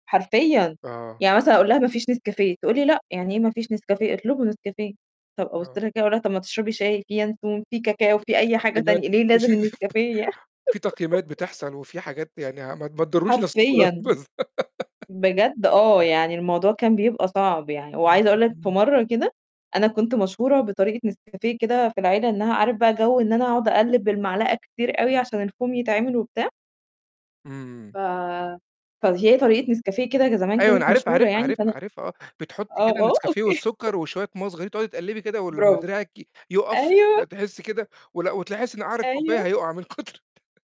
حرفيًا، آه. يعني مثلًا أقول لها: "ما فيش نسكافيه." تقول لي: "لأ، يعني إيه ما فيش نسكافيه؟ اطلبوا نسكافيه." طَب أبُص آه. لها كده وأقول لها: "طَب ما تشربي شاي، في ينسون، في كاكاو، في في أي حاجة تقييمات تانية، ليه في لازم النسكافيه يع" [unintelligible] في تقييمات بتحصل وفي حاجات يعني ع ما ما تضرّوش نَفْسكم [unintelligible] حرفيًا. بجد آه، يعني الموضوع كان بيبقى صعب يعني وعايزة أقول لك في مرّة كده أنا كنت مشهورة بطريقة نسكافيه كده في العيلة إنّها عارف بقى جَو إن أنا أقعد أقلِّب بالمعلقة كتير أوي عشان الفوم يتعمل وبتاع. إمم. ف فهي طريقة نسكافيه كده ج زمان أيوه أنا كانت عارفها، مشهورة عارفها، يعني، عارفها، فأنا عارفها آه، بتحُطّي آه، كده آه النسكافيه أوكي والسُكَّر وشوية مَيّة صغيرين، تقعدي تقلِّبي كده ولماّ برافو. دراعِك ي يُقَف ب أيوه. تحسّي كده ولأ وتحسّي إن قَعْر الكوباية أيوه. هيُقَع من كتر